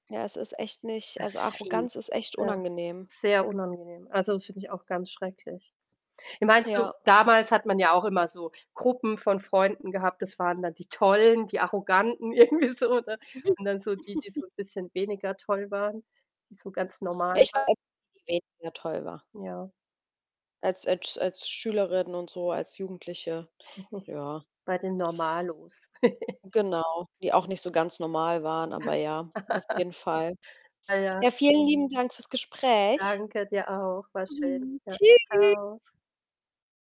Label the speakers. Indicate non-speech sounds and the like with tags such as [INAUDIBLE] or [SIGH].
Speaker 1: Ja, es ist echt nicht
Speaker 2: Das
Speaker 1: also,
Speaker 2: ist
Speaker 1: Arroganz
Speaker 2: fies,
Speaker 1: ist echt
Speaker 2: ja.
Speaker 1: unangenehm.
Speaker 2: Sehr unangenehm. Also, das finde ich auch ganz schrecklich. Ja, meinst du,
Speaker 1: Ja.
Speaker 2: damals hat man ja auch immer so Gruppen von Freunden gehabt, das waren dann die tollen, die arroganten irgendwie so, ne?
Speaker 1: Mhm.
Speaker 2: Und dann so die, die
Speaker 1: [CHUCKLES]
Speaker 2: so 'n bisschen weniger toll waren, die so ganz
Speaker 1: Ja,
Speaker 2: normal
Speaker 1: ich war
Speaker 2: waren.
Speaker 1: die, die weniger toll war.
Speaker 2: Ja.
Speaker 1: Als als als Schülerin und so, als Jugendliche, ja.
Speaker 2: [CHUCKLES] Bei den Normalos. [GIGGLES]
Speaker 1: Genau, die auch nicht so ganz normal waren, aber ja,
Speaker 2: [UNINTELLIGIBLE]
Speaker 1: auf
Speaker 2: [GIGGLES]
Speaker 1: jeden Fall.
Speaker 2: Ah ja.
Speaker 1: Ja, vielen lieben Dank fürs Gespräch.
Speaker 2: Danke dir auch. War schön. Ja, tschau.
Speaker 1: Tschüss.